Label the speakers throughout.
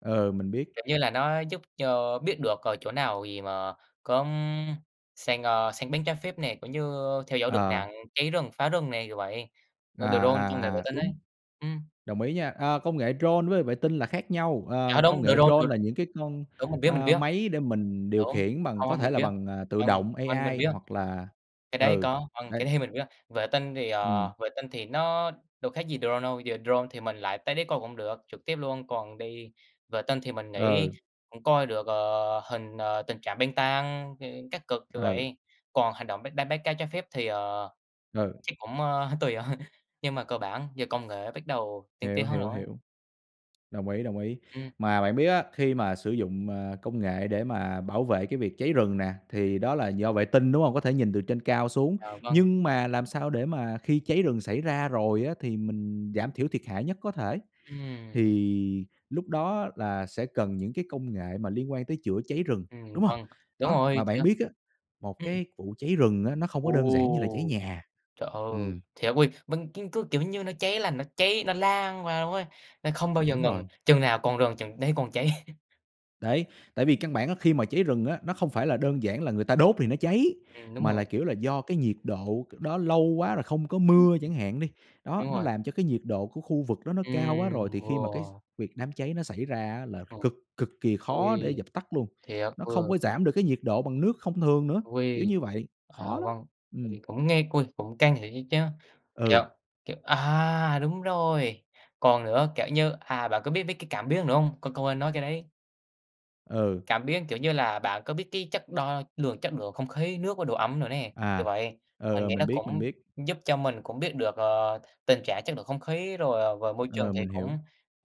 Speaker 1: Ừ, mình biết.
Speaker 2: Kiểu như là nó giúp cho biết được ở chỗ nào gì mà có, ưm, săn, a, săn bắn trái phép nè, cũng như theo dõi được
Speaker 1: Ờ.
Speaker 2: nạn cháy rừng, phá rừng nè, kiểu vậy.
Speaker 1: À,
Speaker 2: Ơ drone,
Speaker 1: à,
Speaker 2: công nghệ vệ
Speaker 1: à,
Speaker 2: tinh ấy,
Speaker 1: đúng.
Speaker 2: ừm.
Speaker 1: Đồng ý nha, a, công nghệ drone với vệ tinh là khác nhau,
Speaker 2: Dạ
Speaker 1: ờ, công
Speaker 2: đúng,
Speaker 1: nghệ
Speaker 2: drone
Speaker 1: drone
Speaker 2: được
Speaker 1: là những cái con,
Speaker 2: đúng, mình biết, mình
Speaker 1: a,
Speaker 2: biết.
Speaker 1: máy để mình điều
Speaker 2: Đúng,
Speaker 1: khiển bằng
Speaker 2: hông
Speaker 1: có
Speaker 2: hông
Speaker 1: thể
Speaker 2: mình
Speaker 1: là
Speaker 2: biết.
Speaker 1: bằng, à, tự
Speaker 2: Vâng,
Speaker 1: động
Speaker 2: vâng, mình
Speaker 1: AI
Speaker 2: biết.
Speaker 1: hoặc là
Speaker 2: Cái đấy
Speaker 1: ừ,
Speaker 2: có vâng, cái
Speaker 1: đấy.
Speaker 2: đấy mình biết. Vệ tinh thì,
Speaker 1: Ừm.
Speaker 2: ờ, vệ tinh thì nó đâu khác gì drone đâu, giờ drone thì mình lại tới đấy coi cũng được trực tiếp luôn, còn đi vệ tinh thì mình nghĩ
Speaker 1: Ừ.
Speaker 2: cũng coi được, ờ, hình, ờ, tình trạng băng tan, ơ, các cực, kiểu
Speaker 1: Ừ.
Speaker 2: vậy. Còn hành động bắt đánh bắt cá trái phép thì, ờ,
Speaker 1: Ừ.
Speaker 2: chắc cũng, ơ, tùy thôi, nhưng mà cơ bản giờ công nghệ bắt đầu tiên
Speaker 1: Hiểu,
Speaker 2: tiến hơn
Speaker 1: hiểu,
Speaker 2: rồi.
Speaker 1: hiểu. Đồng ý, đồng ý,
Speaker 2: Ừm.
Speaker 1: mà bạn biết á, khi mà sử dụng, à, công nghệ để mà bảo vệ cái việc cháy rừng nè, thì đó là do vệ tinh, đúng hông? Có thể nhìn từ trên cao xuống,
Speaker 2: À, vâng.
Speaker 1: nhưng mà làm sao để mà khi cháy rừng xảy ra rồi á, thì mình giảm thiểu thiệt hại nhất có thể,
Speaker 2: Ừm.
Speaker 1: thì lúc đó là sẽ cần những cái công nghệ mà liên quan tới chữa cháy rừng,
Speaker 2: Ừm,
Speaker 1: đúng hông?
Speaker 2: vâng, đúng
Speaker 1: Đó,
Speaker 2: rồi,
Speaker 1: mà bạn
Speaker 2: chữa
Speaker 1: biết á, một
Speaker 2: ừm.
Speaker 1: cái vụ cháy rừng á nó không có đơn giản như là cháy
Speaker 2: Ồ!
Speaker 1: nhà.
Speaker 2: Trời ơi!
Speaker 1: Ừm.
Speaker 2: Thiệt ôi, vâng, cứ cứ kiểu như nó cháy là nó cháy, nó lan ra ấy, nó không bao giờ
Speaker 1: Đúng
Speaker 2: ngừng,
Speaker 1: rồi.
Speaker 2: chừng nào còn rừng chừng đấy còn cháy.
Speaker 1: Đấy, tại vì căn bản á, khi mà cháy rừng á, nó không phải là đơn giản là người ta đốt thì nó cháy,
Speaker 2: Ừm, đúng
Speaker 1: mà là,
Speaker 2: rồi.
Speaker 1: kiểu, là do cái nhiệt độ đó lâu quá rồi không có
Speaker 2: Ừm,
Speaker 1: mưa chẳng hạn đi. Đó,
Speaker 2: đúng
Speaker 1: nó
Speaker 2: rồi.
Speaker 1: làm cho cái nhiệt độ của khu vực đó nó cao quá rồi
Speaker 2: Ừm,
Speaker 1: thì khi mà cái x
Speaker 2: wow!
Speaker 1: việc đám cháy nó xảy ra á, là
Speaker 2: Ờ.
Speaker 1: cực cực kỳ khó để
Speaker 2: Ôi!
Speaker 1: dập tắt luôn,
Speaker 2: Thiệt,
Speaker 1: nó không
Speaker 2: vừa
Speaker 1: có giảm được cái nhiệt độ bằng nước không thường nữa, kiểu
Speaker 2: Ôi!
Speaker 1: như vậy,
Speaker 2: À,
Speaker 1: khó lắm.
Speaker 2: vâng, tại
Speaker 1: Ừm.
Speaker 2: vì cũng nghe côi cũng căng thiệt á chứ, thiệt,
Speaker 1: Ừ.
Speaker 2: kiểu à, đúng rồi, còn nữa, kiểu như, à, bạn có biết mấy cái cảm biến nữa không? Qu quên nói cái đấy.
Speaker 1: Ừ.
Speaker 2: Cảm biến, kiểu như là bạn có biết cái chất đo lường chất lượng không khí, nước và độ ẩm nữa nè, kiểu
Speaker 1: À,
Speaker 2: vậy.
Speaker 1: ừ,
Speaker 2: Mình
Speaker 1: ừ,
Speaker 2: nghĩ nó
Speaker 1: mình biết, mình
Speaker 2: cũng
Speaker 1: biết.
Speaker 2: giúp cho mình cũng biết được, ờ, tình trạng chất lượng không khí rồi, ờ và môi trường
Speaker 1: Ờ,
Speaker 2: thì
Speaker 1: mình
Speaker 2: cũng
Speaker 1: hiểu.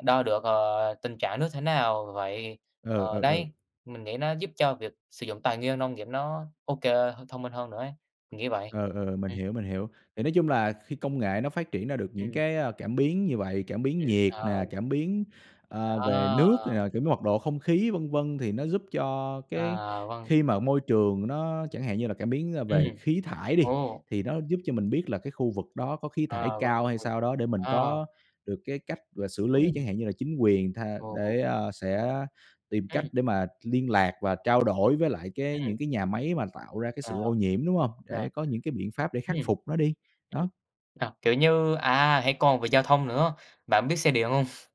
Speaker 2: đo được, ờ, tình trạng nước thế nào vậy,
Speaker 1: Ừ,
Speaker 2: ờ,
Speaker 1: ừ, ừ.
Speaker 2: đấy. Mình nghĩ nó giúp cho việc sử dụng tài nguyên nông nghiệp nó ô kê h thông minh hơn nữa ấy, mình nghĩ vậy.
Speaker 1: Ừ, ừ, ừ, mình
Speaker 2: Ừm.
Speaker 1: hiểu, mình hiểu. Thì nói chung là khi công nghệ nó phát triển ra được những
Speaker 2: Ừm.
Speaker 1: cái, a, cảm biến như vậy, cảm biến
Speaker 2: Ừm,
Speaker 1: nhiệt
Speaker 2: ờ.
Speaker 1: nè, cảm biến, à, về
Speaker 2: Đó.
Speaker 1: nước này nọ, kiểu như mật độ không khí, vân vân. Thì nó giúp cho cái
Speaker 2: À, vâng.
Speaker 1: khi mà môi trường nó chẳng hạn như là cảm biến, ơ, về
Speaker 2: Ừm.
Speaker 1: khí thải đi,
Speaker 2: Ồ!
Speaker 1: thì nó giúp cho mình biết là cái khu vực đó có khí thải
Speaker 2: À, vâng,
Speaker 1: cao hay
Speaker 2: vâng,
Speaker 1: sao đó để mình
Speaker 2: à.
Speaker 1: có được cái cách, gọi là, xử lý
Speaker 2: Ừm.
Speaker 1: chẳng hạn, như là chính quyền tha
Speaker 2: Ồ.
Speaker 1: để, à, sẽ tìm cách
Speaker 2: Ừm.
Speaker 1: để mà liên lạc và trao đổi với lại cái
Speaker 2: Ừm.
Speaker 1: những cái nhà máy mà tạo ra cái
Speaker 2: À,
Speaker 1: sự ô nhiễm, đúng hông?
Speaker 2: à.
Speaker 1: Để có những cái biện pháp để khắc
Speaker 2: Ừm.
Speaker 1: phục nó đi, đó.
Speaker 2: Sao kiểu như, à, hay còn về giao thông nữa, bạn biết xe điện hông?